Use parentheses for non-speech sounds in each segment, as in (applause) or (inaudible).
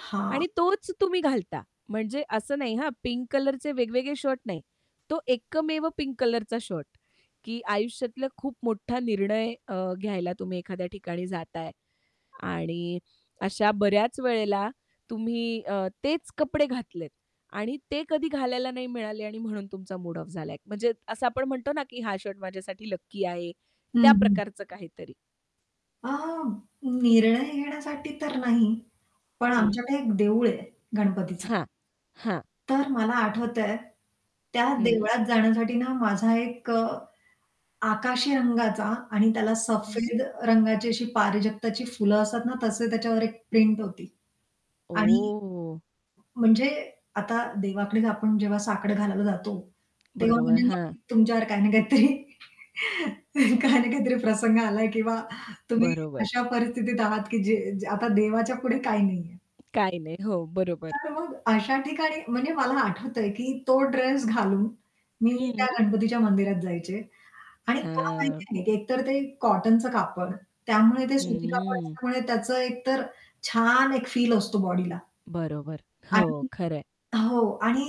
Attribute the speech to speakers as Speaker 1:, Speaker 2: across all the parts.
Speaker 1: हां.
Speaker 2: आणि तोच तुम्ही घालता. म्हणजे असं नाही हां, पिंक कलरचे वेगवेगळे शर्ट नाही. तो एकमेव पिंक कलरचा शर्ट की आयुष्यातला खूप मोठा निर्णय अ, घ्यायला तुम्ही एखाद्या ठिकाणी जाताय. आणि अशा बऱ्याच वेळेला तुम्ही अ, तेच कपडे घातलेत आणि ते कधी घालायला नाही मिळाले आणि म्हणून तुमचा मूड ऑफ झालाय. म्हणजे असं आपण म्हणतो ना की हा शर्ट माझ्यासाठी लकी आहे, त्या
Speaker 1: हं, हं.
Speaker 2: प्रकारचं काहीतरी.
Speaker 1: अ, निर्णय घेण्यासाठी तर नाही. पण
Speaker 2: हं.
Speaker 1: आमच्याकडे एक देऊळ आहे, गणपतीचं.
Speaker 2: हां, हां.
Speaker 1: तर मला आठवतंय, त्या
Speaker 2: हं.
Speaker 1: देवळात जाण्यासाठी ना माझा एक अ, आकाशी रंगाचा आणि त्याला
Speaker 2: हं.
Speaker 1: सफेद रंगाची अशी पारिजातकाची फुलं असतात ना, तसे त्याच्यावर एक प्रिंट होती. आणि
Speaker 2: ओ.
Speaker 1: म म्हणजे आता देवाकडे आपण जेव्हा साकडं घालायला जातो, तेव्हा
Speaker 2: बरोबर,
Speaker 1: म्हणजे
Speaker 2: हां.
Speaker 1: नक्कीच तुमच्यावर काही ना काहीतरी काही ना काहीतरी प्रसंग आलाय किंवा तुम्ही
Speaker 2: बरोबर.
Speaker 1: अशा परिस्थितीत आहात की जे आता देवाच्या पुढे काही नाहीये.
Speaker 2: काही नाही. हो, बरोबर.
Speaker 1: तर मग अशा ठिकाणी म्हणजे मला आठवतंय की तो ड्रेस घालून मी त्या
Speaker 2: हं.
Speaker 1: गणपतीच्या मंदिरात जायचे. आणि का माहिती
Speaker 2: हां.
Speaker 1: नाही एकतर ते कॉटनचं कापड, त्यामुळे ते सुती कापड
Speaker 2: हम्म.
Speaker 1: असल्यामुळे त्याचं एकतर छान एक फील असतो बॉडीला.
Speaker 2: बरोबर. हो,
Speaker 1: आणि
Speaker 2: खरंय.
Speaker 1: हो आणि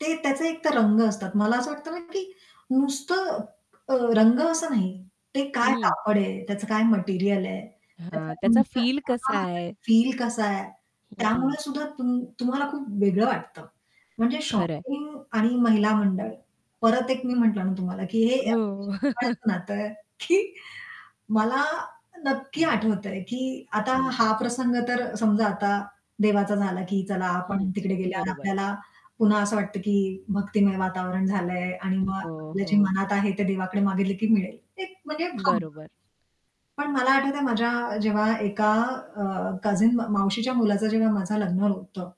Speaker 1: ते त्याचे एकतर रंग असतात. मला असं वाटतं ना की नुसतं अ, रंग असं नाही. ते काय
Speaker 2: हं.
Speaker 1: कापड आहे? त्याचं काय मटेरिअल आहे?
Speaker 2: हां,
Speaker 1: त्याच्या
Speaker 2: त्याचा फील कसा
Speaker 1: (unintelligible)
Speaker 2: आहे?
Speaker 1: फील कसा आहे
Speaker 2: हं.
Speaker 1: त्यामुळे सुद्धा तुम तुम्हाला खूप वेगळं वाटतं. म्हणजे
Speaker 2: खरंय.
Speaker 1: शॉपिंग आणि महिला मंडळ परत एक मी म्हटलं ना तुम्हाला की हे
Speaker 2: हो.
Speaker 1: अतिशय
Speaker 2: (chuckles)
Speaker 1: जिव्हाळ्याचं नातं आहे की मला नक्की आठवतंय की आता
Speaker 2: हं.
Speaker 1: हा प्रसंग तर समजा आता देवाचा झाला की चला आपण
Speaker 2: हं,
Speaker 1: तिकडे गेल्यावर
Speaker 2: बरोबर.
Speaker 1: आपल्याला पुन्हा असं वाटतं की भक्तिमय वातावरण झालंय आणि मग
Speaker 2: हो,
Speaker 1: आपल्या जे
Speaker 2: हो.
Speaker 1: मनात आहे ते देवाकडे मागितलं की मिळेल. एक म्हणजे भावना.
Speaker 2: बरोबर.
Speaker 1: पण मला आठवतंय माझ्या जेव्हा एका अ, कझिन म मावशीच्या मुलाचं जेव्हा माझं लग्न होतं